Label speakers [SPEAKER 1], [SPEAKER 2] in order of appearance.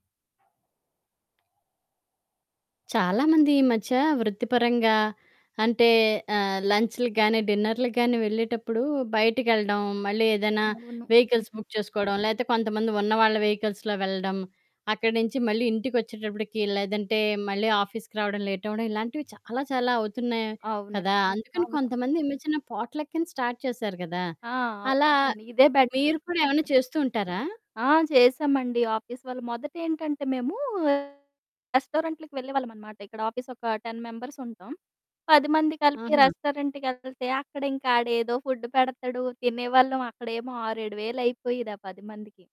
[SPEAKER 1] చాలా మంది ఈ మధ్య వృత్తిపరంగా అంటే, ఆహ్, లం‌చ్లు గానీ, డిన్నర్లు గానీ, వెళ్ళేటప్పుడు బయటికెళ్ళడం. మళ్ళీ ఏదైనా
[SPEAKER 2] అవును.
[SPEAKER 1] వెహికల్స్
[SPEAKER 2] హుహు.
[SPEAKER 1] బుక్ చేసుకోవడం, లేతే కొంతమంది ఉన్న వాళ్ళ వెహికల్స్‌లో వెళ్ళడం, అక్కడి నుంచి మళ్ళీ ఇంటికొచ్చేటప్పటికి లేదంటే మళ్ళీ ఆఫీస్‌కి రావడం లేటవ్వడం, ఇలాంటివి చాలా చాలా అవుతున్నాయి
[SPEAKER 2] అవునండి.
[SPEAKER 1] కదా! అందుకని
[SPEAKER 2] అవును.
[SPEAKER 1] కొంతమంది చిన్న చిన్న పోట్లకని స్టార్ట్ చేశారు గదా!
[SPEAKER 2] ఆ!
[SPEAKER 1] అలా
[SPEAKER 2] అవునండి. ఇదే బెటరు.
[SPEAKER 1] మీరు కూడా ఏవన్నా చేస్తూ ఉంటారా?
[SPEAKER 2] ఆ! చేశామండి. ఆఫీస్ వాళ్ళు మొదటేంటంటే మేము ఆహ్, రెస్టారెంట్‌లకి వెళ్ళేవాళ్ళమనమాట. ఇక్కడ ఆఫీస్ ఒక 10 మెంబర్స్ ఉంటాం. 10 మంది కలిపి
[SPEAKER 1] ఆహా!
[SPEAKER 2] రెస్టారెంట్ కెళ్తే అక్కడింకా ఆడేదో ఫుడ్డు పెడతాడు తినేవాళ్ళం. అక్కడేమో 6,000, 7,000 అయిపోయేది ఆ 10 మందికి.